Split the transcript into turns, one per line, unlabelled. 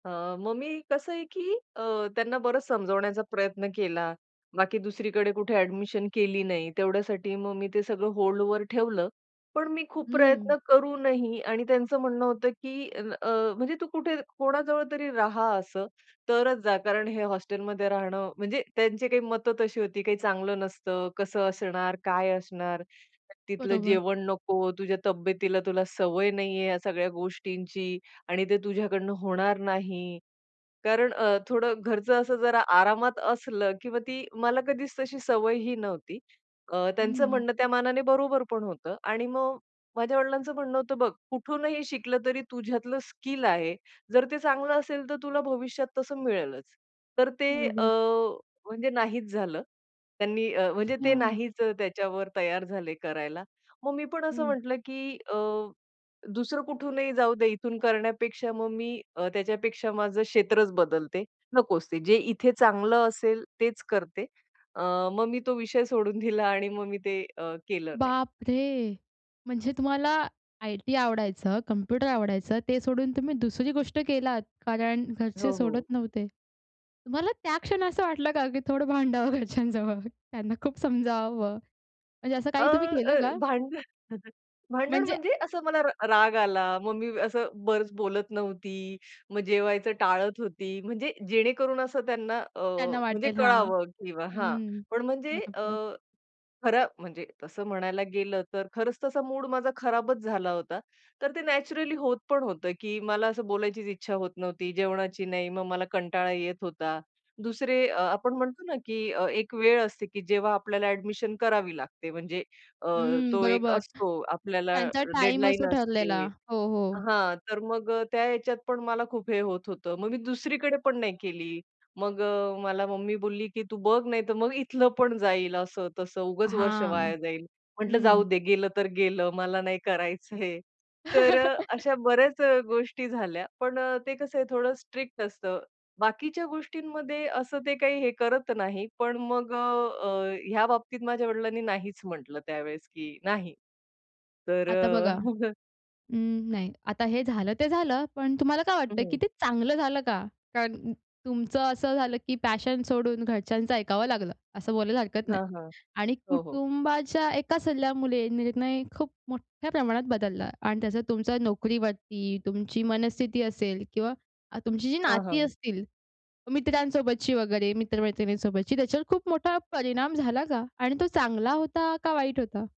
अ, मग मी कसं आहे की अ, त्यांना बरंच समजावण्याचा प्रयत्न केला, बाकी दुसरीकडे कुठे अ‍ॅडमिशन केली नाही. तेवढ्यासाठी मग मी ते सगळं होल्डवर ठेवलं. पण मी खूप
हं.
प्रयत्न करूनही आणि त्यांचं म्हणणं होतं, की अन् अ, म्हणजे, "तू कुठे कोणाजवळ तरी राहा" असं, "तरच जा, कारण हे हॉस्टेलमध्ये राहणं," म्हणजे त्यांची काही मतं तशी होती, "काही चांगलं नसतं, कसं असणार, काय असणार. तिथलं
बरोबर.
जेवण नको, तुझ्या तब्येतीला तुला सवय नाहीये ह्या सगळ्या गोष्टींची आणि ते तुझ्याकडून होणार नाही," कारण अ, थोडं घरचं असं जरा आरामात असलं किंवा ती मला कधीच तशी सवयही नव्हती. अ, त्यांचं
हं.
म्हणणं त्या मानाने बरोबर पण होतं आणि मग माझ्या वडिलांचं म्हणणं होतं, "बघ कुठूनही शिकलं तरी तुझ्यातलं स्किल आहे, जर ते चांगलं असेल, तर तुला भविष्यात तसं मिळेलच." तर ते अ,
बरोबर.
म्हणजे नाहीच झालं. त्यांनी अ, म्हणजे ते
अच्छा.
नाहीच अ, त्याच्यावर तयार झाले करायला. मग मी पण असं
हं.
म्हटलं की अ, दुसरं कुठूनही जाऊदे इथून करण्यापेक्षा मग मी अ, त्याच्यापेक्षा माझं क्षेत्रच बदलते. नकोच ते. जे इथे चांगलं असेल तेच करते. अ, मग मी तो विषय सोडून दिला आणि मग मी ते अ, केलं नाही.
बापरे! म्हणजे तुम्हाला आय-टी आवडायचं, कंम्प्युटर आवडायचं, ते सोडून तुम्ही दुसरी गोष्ट केलात, कारण घरचे
हो,
सोडत
हो.
नव्हते. तुम्हाला त्या क्षण असं वाटलं का की थोडं भांडावं घरच्यांजवळ, त्यांना खूप समजवावं. म्हणजे असं
अ,
काही तुम्ही केलं
अ,
का?
भांडण भांडण
म्हणजे
म्हणजे असं मला र राग आला, मग मी असं बरंच बोलत नव्हती, मग जेवायचं टाळत होती, म्हणजे जेणेकरून असं त्यांना अ,
त्यांना
म्हणजे
वाटेल हां.
कळावं किंवा हां,
हं.
पण म्हणजे अ,
बरोबर.
खरं म्हणजे तसं म्हणायला गेलं तर खरंच तसा मूड माझा खराबच झाला होता. तर ते नॅचरली होत पण होतं की मला असं बोलायचीच इच्छा होत नव्हती, जेवणाची नाही, मग मला कंटाळा येत होता. दुसरे अ, आपण म्हणतो ना की अ, एक वेळ असते की जेव्हा आपल्याला अ‍ॅडमिशन करावी लागते म्हणजे अ,
हं,
तो एक
बरोबर.
असतो आपल्याला
त्यांचा टाईम
डेडलाईन
असतो ठरलेला.
असते
हो, हो.
हां, तर मग अ, त्या ह्याच्यात पण मला खूप हे होत होतं. मग मी दुसरीकडे पण नाही केली. मग अ, मला मम्मी बोलली की "तू बघ, नाही तर मग इथलं पण जाईल." असं, तसं "उगच वर्ष
हां.
वाया जाईल." म्हटलं,
हं.
"जाऊदे, गेलं तर गेलं. मला नाही करायचंय." तर अ, अशा बऱ्याच अ, गोष्टी झाल्या. पण अ, ते कसं आहे थोडं स्ट्रिक्ट असतं. बाकीच्या गोष्टींमध्ये असं ते काही हे करत नाही, पण मग अ, अ, ह्या बाबतीत माझ्या वडिलांनी नाहीच म्हटलं त्यावेळेस की नाही तर
आता
अ,
बघा उम्म, नाही. आता हे झालं ते झालं, पण तुम्हाला काय वाटतं की
हं.
ते चांगलं झालं का? कारण तुमचं असं झालं की पॅशन सोडून घरच्यांचं ऐकावं लागलं असं बोलायला हरकत नाही.
हां, हां.
आणि
हो, हो.
कुटुंबाच्या एका सल्ल्यामुळे निर्णय खूप मोठ्या प्रमाणात बदलला आणि त्या तुमच्या नोकरीवरती, तुमची मनस्थिती असेल किंवा अ, तुमची जी
हां,
नाती
हां.
असतील, मित्रांसोबतची वगैरे, मित्र-मैत्रिणींसोबतची, त्याच्यावर खूप मोठा परिणाम झाला का? आणि तो चांगला होता का वाईट होता?